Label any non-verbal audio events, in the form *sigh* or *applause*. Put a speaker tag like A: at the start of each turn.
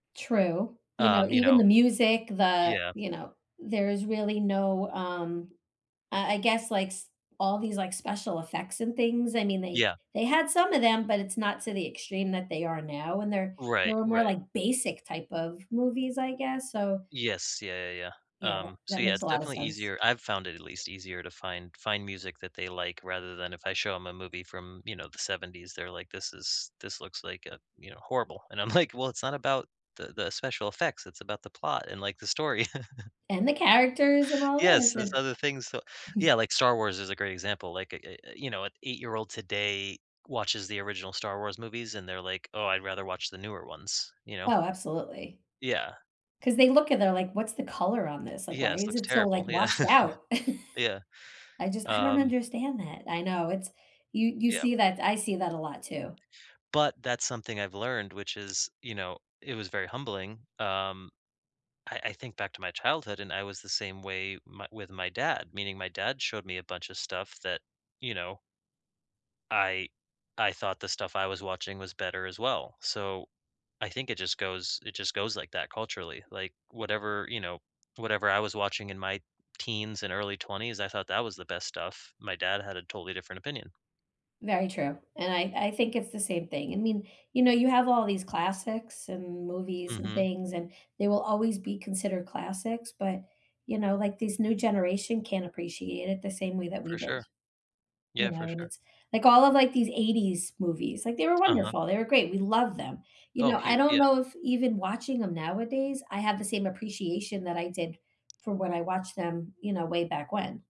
A: True, you know,
B: Um, you
A: even
B: know.
A: the music, the,
B: Yes.
A: you know, there is really no, um, uh, I guess like s all these, like, special effects and things. I mean, they
B: Yeah.
A: they had some of 'em, but it's not to the extreme that they are now, and they're they
B: Right,
A: were more
B: right.
A: like basic type of movies, I guess, so
B: Yes, yeah, yeah,
A: yeah,
B: yeah.
A: that
B: Um, so,
A: that
B: yeah,
A: makes
B: it's
A: a lotta
B: definitely
A: sense.
B: easier. I've found it at least easier to find find music that they like rather than if I show 'em a movie from, you know, the '70s, they're like, "This is this looks like, uh, you know, horrible." And I'm like, "Well, it's not about the the special effects, it's about the plot, and, like, the story." *chuckles*
A: And, the characters and all
B: Yes,
A: this,
B: there's
A: and
B: other things, so
A: *chuckles*
B: Yeah, like, Star Wars is a great example, like, eh eh eh, you know, an eight-year-old today watches the original Star Wars movies, and they're like, "Oh, I'd rather watch the newer ones," you know?
A: Oh, absolutely,
B: Yeah.
A: 'cause they look at they're like, "What's the color on this? Like, why
B: Yes,
A: is
B: looks
A: it so,
B: terrible.
A: like,
B: Yeah,
A: washed out?"
B: *chuckles* yeah,
A: *chuckles* I just I don't
B: um
A: understand that. I know, it's you you
B: Yeah.
A: see that, I see that a lot too.
B: But that's something I've learned, which is, you know, it was very humbling, um, I I think back to my childhood, and I was the same way my with my dad, meaning my dad showed me a bunch of stuff that, you know I I thought the stuff I was watching was better as well, so I think it just goes it just goes like that culturally, like, whatever, you know, whatever I was watching in my teens, and early 20s, I thought that was the best stuff. My dad had a totally different opinion.
A: Very true, and I I think it's the same thing. I mean, you know, you have all these classics, and movies, and
B: Mhm.
A: things, and they will always be considered classics, but, you know, like, this new generation can't appreciate it the same way that we
B: For
A: did.
B: sure. Yeah,
A: You
B: for
A: know, and
B: sure.
A: it's, like all of, like, these '80s movies, like, they were
B: T Uh-huh.
A: wonderful, they were great, we love them, you
B: Oh,
A: know,
B: he
A: I
B: w
A: don't
B: yeah.
A: know if even watching 'em nowadays, I have the same appreciation that I did from when I watched them, you know, way back when.